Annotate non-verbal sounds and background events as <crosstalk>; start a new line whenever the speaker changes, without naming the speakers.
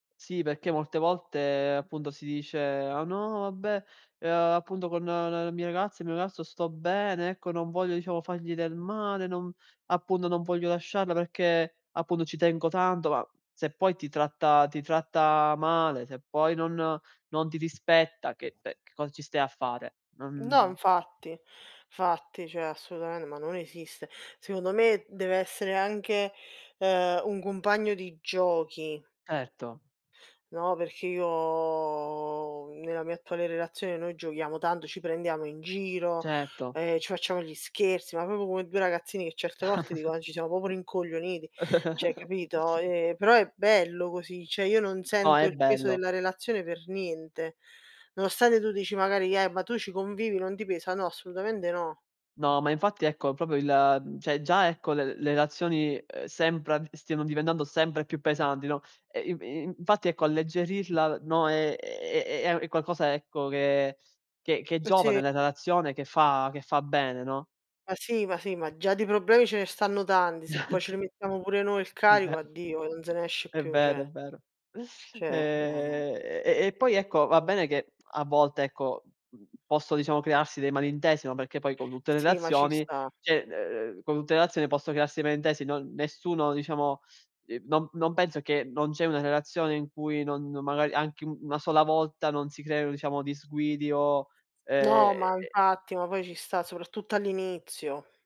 Sì, perché molte volte appunto si dice: "Ah no, vabbè, ehm, appunto con la mia ragazza, il mio ragazzo sto bene, ecco non voglio diciamo fargli del male, non appunto non voglio lasciarla perché appunto ci tengo tanto". Ma se poi ti tratta ti tratta male, se poi non non ti rispetta che ehm, che cosa ci stai a fare?
No,
Non
infatti. Fatti, cioè assolutamen ma non esiste. Secondo me deve essere anche, ehm, un compagno di giochi.
Certo.
No, perché io uhm, nella mia attuale relazione noi giochiamo tanto, ci prendiamo in giro,
Certo.
ehm, ci facciamo gli scherzi, ma proprio come 2 ragazzini che certe volte dico:
<chuckles>
"Eh, ci siamo proprio rincoglioniti", cioè
<chuckles>
capito. Ehm, però è bello così, cioè io non
Oh,
sento
è
il peso
bello.
della relazione per niente. Nonostante tu dici magari: "Eh, ma tu ci convivi, non ti pesa?" No, assolutamente no.
No, ma infatti ecco proprio il mhmm, cioè già ecco le le relazioni, uhm, sembra stiano diventando sempre più pesanti, no. Ehm, i in infatti ecco alleggerirla, no, ehm, è è è è a è qualcosa ecco che che che è
Uh,
giovane
sì.
nella relazione che fa che fa bene, no?
Ma sì, ma sì, ma già di problemi ce ne stanno tanti, se poi ce
<chuckles>
li mettiamo pure noi il
È vero.
carico
<chuckles>
addio e non se ne esce
È
più,
vero, è
cioè.
vero.
Cioè, no, no.
Ehm, e e poi ecco, va bene che, a volte ecco, mhmm, posso diciamo crearsi dei malintesi, no, perché poi con tutte le
Sì, ma ci
relazioni
sta.
cioè, uhm, uhm, con tutte relazioni posso crearsi malintesi, no nessuno diciamo, ehm, no non penso che non c'è una relazione in cui non-non magari anche u una sola volta non si creino diciamo disguidi o, ehm,
No, ma
e
infatti, ma poi ci sta, soprattutto all'inizio.